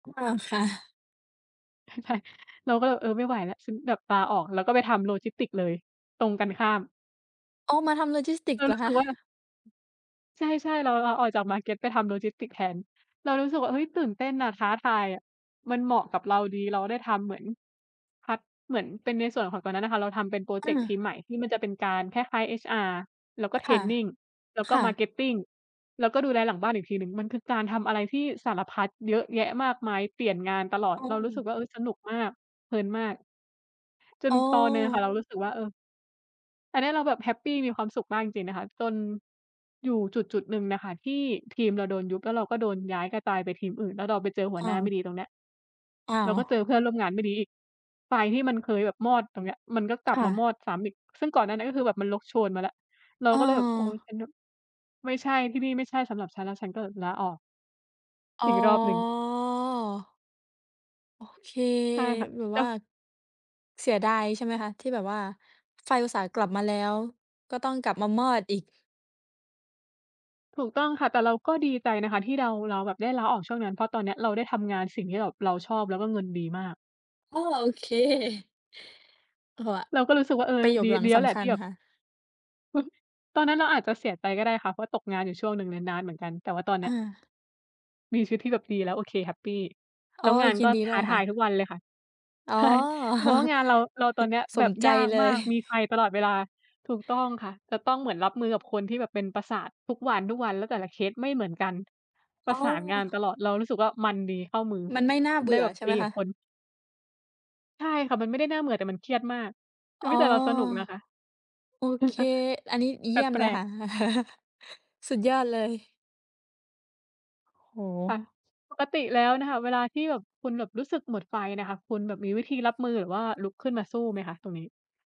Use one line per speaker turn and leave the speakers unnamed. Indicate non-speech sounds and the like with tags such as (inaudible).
อ้อ ค่ะ
ใช่ เราก็เลยแบบ "เออ ไม่ไหวแล้ว" ฉันแบบลาออก แล้วก็ไปทำโลจิสติกส์เลย ตรงกันข้าม
อ้อ มาทำโลจิสติก
เ
ส
รา
์เหร
ร
อ
ู้
ค
สึ
ะ?
กว่า ใช่ ๆ เราลาออกจากมาร์เก็ตไปทำโลจิสติกส์แทน เรารู้สึกว่า เฮ้ย ตื่นเต้นน่ะ ท้าทายอะ มันเหมาะกับเราดี เราได้ทำเหมือน ฮอต เหมือนเป็นในส่วนของ ตอนนั้นน่ะค่ะ เราทำเป็นพรอเ
อ
จกต์ท
า
ีมใหม่ ที่มันจะเป็นการ คล้าย ๆ HR แล้วก็
ค
เทร
่ะ
นนิง แล้วก
ค
็
่ะ
Marketing แล้วก็ดูแลหลังบ้านอีกทีหนึ่ง มันคือการทำอะไรที่สารพัด เยอะแยะมากมาย เปลี่ยนงานตลอด
โอ
เรารู้สึ
้
กว่า เออ สนุกมาก เพลินมาก จน
อ๋อ
ตอนหนึ่งน่ะค่ะ เรารู้สึกว่า เออ อันเนี้ย เราแบบแฮปปีมีความสุขมากจริง ๆ นะคะ จน อยู่จุด ๆ หนึ่งน่ะค่ะที่ทีมเราโดนยุบ แล้วเราก็โดนย้าย กระจายไปทีมอื่น แล้วเราไปเจอหั
อ
วห
้
น้
า
า
ว
ไม่ดี ตรงเนี้ย
อ้า
แล้ว
ว
ก็เจอเพื่อนร่วมงานไม่ดีอีก ไฟที่มันเคยแบบมอด ตรงเนี้ย มันก็กล
ค
ับ
่
มาม
ะ
อดซ้ำอีก ซึ่งก่อนหน้าเนี่ยก็คือแบบมันลุก โชนมาแล้ว เรา
อ้
ก็เลยแบบ "โอ๊ย
อ
ฉันแบบ ไม่ใช่ ที่นี่ ไม่ใช่สำหรับฉัน" แล้วฉันก็ลาออก
อ๋
อีกรอบหนึ่ง
อ โอเค
ใช่ค่ะ
แบบ
แล้
ว่า
ว
เสียดาย ใช่ไหมคะ? ที่แบบว่าไฟอุตส่าห์กลับมาแล้ว ก็ต้องกลับมามอดอีก
ถูกต้องค่ะ แต่เราก็ดีใจนะคะที่เดา เราแบบได้ลาออกช่วงนั้น เพราะตอนเนี้ยเราได้ทำงานสิ่งที่แบบเราชอบแล้วก็เงินดีมาก
อ๋อ โอ เค (chuckles) โฮว่ะ
เราก็รู้สึกว่า เออ
ประโยค
ดี
หลัง
ดีแ
ส
ล้วแหล
ำ
ะ
คั
ที
ญ
่แบบ
ค่ะ
(chuckles) ตอนนั้นเราอาจจะเสียใจก็ได้ค่ะ เพราะตกงานอยู่ช่วงหนึ่งเลย นานเหมือนกัน แต่ว่าตอนเน
อ
ี้ย
า
มีชีวิตที่แบบดีแล้ว โอเค แฮปปี แ
อ
ล้
๋
ว
อ
งาน
ยิ
ก
น
็
ดี
ท
ด้
้
ว
า
ย
ท
ค่
าย
ะ
ทุกวันเลยค่ะ
อ๋อ
ใช่ จะบอกว่า งานเรา เราตอนเนี้ย
(chuckles) ส
แบ
ม
บ
ใจ
ยาก
เล
มา
ย
ก มีไฟ
(chuckles)
ตลอดเวลา ถูกต้องค่ะ จะต้องเหมือนรับมือกับคนที่แบบเป็นประสาททุกวัน ๆ แล้วแต่ละเคสไม่เหมือนกัน ป
อ
ร
้
ะ
อ
สานงานตลอด เรารู้สึกว่า มันดี เข้ามือ
มันไม่น่าเบ
ได้
ื่อ
แบบ
ใช่
ต
ไห
ี
ม
ก
ค
ับ
ะ?
คน ใช่ค่ะ มันไม่ได้น่าเบื่อ แต่มันเครียดมาก อ
อ
ุ
๋
๊ย
อ
แต่เราสนุกนะคะ
โอเค
(chuckles)
อันนี้เ
แ
ย
ป
ี่ยมเล
ล
ยค
ก ๆ
่ะ (chuckles) สุดยอดเลย โอ้โ
ค่ะ
ฮ
ปกติแล้วน่ะค่ะ เวลาที่แบบคุณแบบรู้สึกหมดไฟน่ะค่ะ คุณแบบมีวิธีรับมือหรือว่าลุกขึ้นมาสู้ไหมคะ ตรงนี้?